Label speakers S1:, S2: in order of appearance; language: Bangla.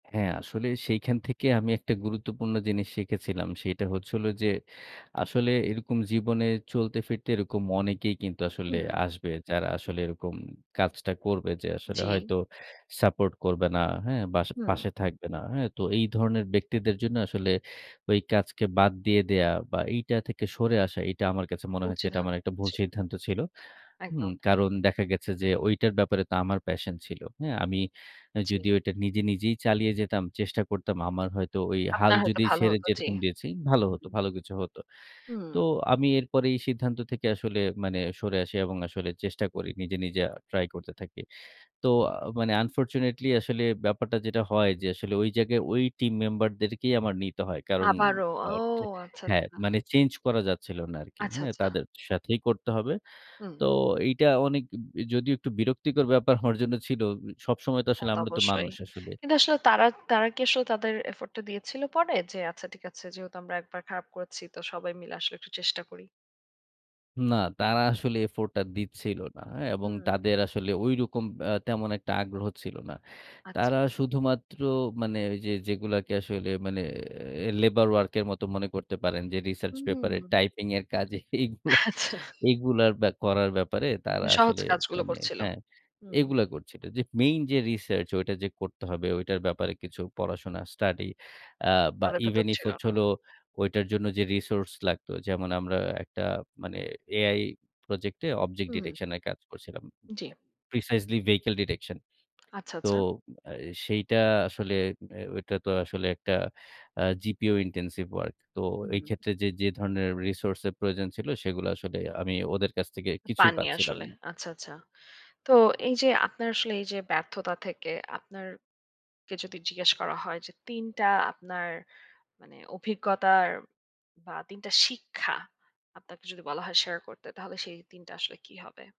S1: হ্যাঁ, আসলে সেইখান থেকে আমি একটা গুরুত্বপূর্ণ জিনিস শিখেছিলাম। সেটা হচ্ছিল যে আসলে এরকম জীবনে চলতে ফিরতে এরকম অনেকেই কিন্তু আসলে
S2: হুম।
S1: আসবে। যারা আসলে এরকম কাজটা করবে যে আসলে
S2: জী।
S1: হয়তো সাপোর্ট করবে না, হ্যাঁ? বা
S2: হুম।
S1: পাশে থাকবে না। হ্যাঁ? তো এই ধরনের ব্যক্তিদের জন্য আসলে ওই কাজকে বাদ দিয়ে দেয়া বা এইটা থেকে সরে আসা এইটা আমার কাছে মনে হয়েছে
S2: উঁচু
S1: এটা
S2: ধা
S1: আমার একটা ভুল
S2: জি।
S1: সিদ্ধান্ত ছিল। হুম?
S2: একদম।
S1: কারণ দেখা গেছে যে ঐটার ব্যাপারে তো আমার প্যাশন ছিল। হ্যাঁ? আমি অ্যা
S2: জ্বী।
S1: যদিও এটা নিজে নিজেই চালিয়ে যেতাম, চেষ্টা করতাম আমার হয়তো ওই হাল
S2: আপনার হয়তো
S1: যদি
S2: ভালো
S1: ছেড়ে
S2: হতো, জ্বী।
S1: যেরকম দিয়েছি ভালো হতো। ভালো কিছু হত।
S2: হুম।
S1: তো আমি এরপরে এই সিদ্ধান্ত থেকে আসলে মানে সরে আসি এবং আসলে চেষ্টা করি। নিজে, নিজে আ ট্রাই করতে থাকি। তো আ মানে unfortunately আসলে ব্যাপারটা যেটা হয় যে আসলে ঐ জায়গায় ওই টিম মেম্বার দেরকেই আমার নিতে হয়। কারণ
S2: আবারও, ও
S1: বাট
S2: আচ্ছা,
S1: হ্যাঁ,
S2: আচ্ছা।
S1: মানে চেঞ্জ করা যাচ্ছিল না আরকি।
S2: আচ্ছা,
S1: হ্যাঁ?
S2: আচ্ছা।
S1: তাদের সাথেই করতে হবে।
S2: হুম।
S1: তো এইটা অনেক যদিও একটু বিরক্তিকর ব্যাপার আমার জন্য ছিল। সবসময় তো
S2: তা
S1: আসলে
S2: তো
S1: আমরা তো
S2: অবশ্যই।
S1: মানুষ আসলে।
S2: কিন্তু আসলে তারা, তারা কি আসলে তাদের এফোর্টটা দিয়েছিল পরে? যে আচ্ছা ঠিক আছে। যেহেতু আমরা একবার খারাপ করেছি। তো সবাই মিলে আসলে একটু চেষ্টা করি?
S1: না, তারা আসলে এফোর্টটা দিচ্ছিল না, হ্যাঁ? এবং
S2: হুম।
S1: তাদের আসলে ঐরকম অ্যা তেমন একটা আগ্রহ ছিল না।
S2: আচ্ছা।
S1: তারা শুধুমাত্র মানে ওই যেগুলাকে আসলে মানে অ্যা লেবার ওয়ার্ক এর মতো মনে করতে পারেন যে রিসার্চ
S2: হুম,
S1: পেপার এর
S2: হুম।
S1: টাইপিং এর কাজে এইগুলা,
S2: আচ্ছা।
S1: এগুলার ব্যা করার ব্যাপারে তারা
S2: মানে সহজ
S1: আসলে
S2: কাজগুলো
S1: মানে,
S2: করছিল।
S1: হ্যাঁ?
S2: হুম।
S1: এগুলা করছিল। যে মেইন যে রিসার্চ ওইটা যে করতে হবে ওইটার ব্যাপারে কিছু পড়াশোনা স্টাডি আ বা
S2: তাদের ভেতর
S1: ইভেন ইফ
S2: ছিল
S1: হচ্ছে
S2: না।
S1: হলো ওইটার জন্য যে রিসোর্স লাগতো যেমন আমরা একটা মানে AI প্রজেক্ট এ object
S2: হুম।
S1: detection এ কাজ করছিলাম।
S2: জি।
S1: precisely vehicle detection
S2: আচ্ছা,
S1: তো
S2: আচ্ছা।
S1: অ্যা সেইটা আসলে অ্যা ওইটা তো আসলে একটা আ gpu intensive work তো এই
S2: হুম।
S1: ক্ষেত্রে যে, যে ধরনের রিসোর্স এর প্রয়োজন ছিল সেগুলা আসলে আমি ওদের কাছ থেকে কিছুই
S2: পাননি
S1: পাচ্ছিলাম
S2: আসলে।
S1: [unintelligible]
S2: আচ্ছা, আচ্ছা। তো এই যে আপনার আসলে এই যে ব্যর্থতা থেকে আপনার কে যদি জিজ্ঞেস করা হয় যে, ৩ টা আপনার মানে অভিজ্ঞতার বা ৩ টা শিক্ষা আপনাকে যদি বলা হয় শেয়ার করতে তাহলে সেই ৩ টা আসলে কী হবে?